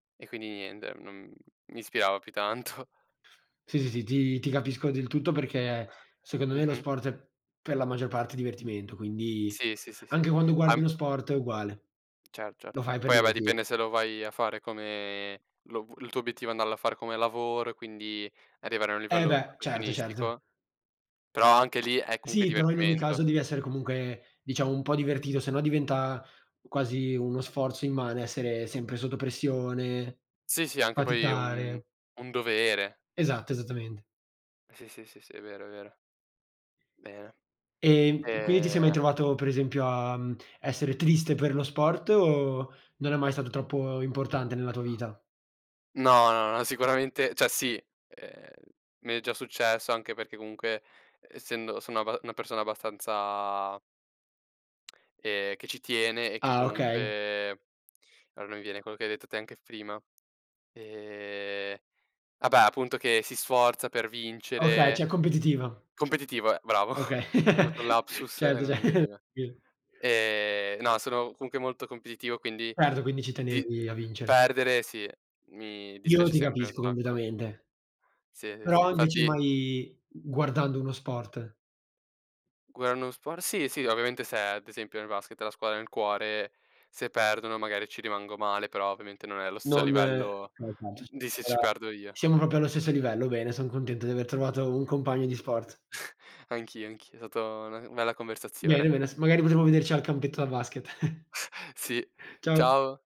E quindi niente, non mi ispirava più tanto. Sì, sì, sì ti ti capisco del tutto perché secondo me lo Mh-mh. sport è per la maggior parte divertimento, quindi Sì, sì, sì, sì anche quando guardi a lo sport è uguale. Cer cert Lo fai per poi ah beh divertir dipende se lo vai a fare come lo v il tuo obiettivo è andarlo a fare come lavoro e quindi arrivare a un Eh livello beh, certo, certo. professionistico. Però anche lì è comunque Sì, però in ogni divertimento. caso devi essere comunque, diciamo, un po' divertito, sennò diventa u quasi uno sforzo immane, essere sempre sotto pressione, Sì, sì, anche poi un faticare. un dovere. Esatto, esattamente. Sì, sì, sì, sì, è vero, è vero. Bene. Ehm, quindi ti sei mai Ehm trovato, per esempio, a, uhm, essere triste per lo sport o non è mai stato troppo importante nella tua vita? No, no, no sicuramente cioè sì, ehm, mi è già successo anche perché comunque essendo sono abba una persona abbastanza... ehm, che ci tiene e che Ah okay. comunque ah non mi viene quello che hai detto te anche f prima ehm, vabbè appunto che si sforza per Okay, cioè vincere competitiva. competitivo, ehm, bravo, Okay, ho avuto un lapsus e certo, ce. non mi veniva. [unintelligible] Ehm, no sono comunque molto competitivo quindi Certo, quindi ci di tenevi a vincere. perdere sì, mi Io no dispiace ti sempre un capisco, sacco. completamente. Sì, ehm, sì, Però invece infatti mai g guardando uno sport. [unintelligible] sport sì, sì, ovviamente se ad esempio, nel basket la squadra del cuore, se perdono magari ci rimango male, però ovviamente non è allo stesso Non. livello [unintelligible] di se ci Allora, perdo io. siamo proprio allo stesso livello, bene, son contento di aver trovato un compagno di sport. Anch'io, anch'io, stata una u bella Bene, conversazione. bene s magari potremmo vederci al campetto da basket. Sì, Ciao. ciao.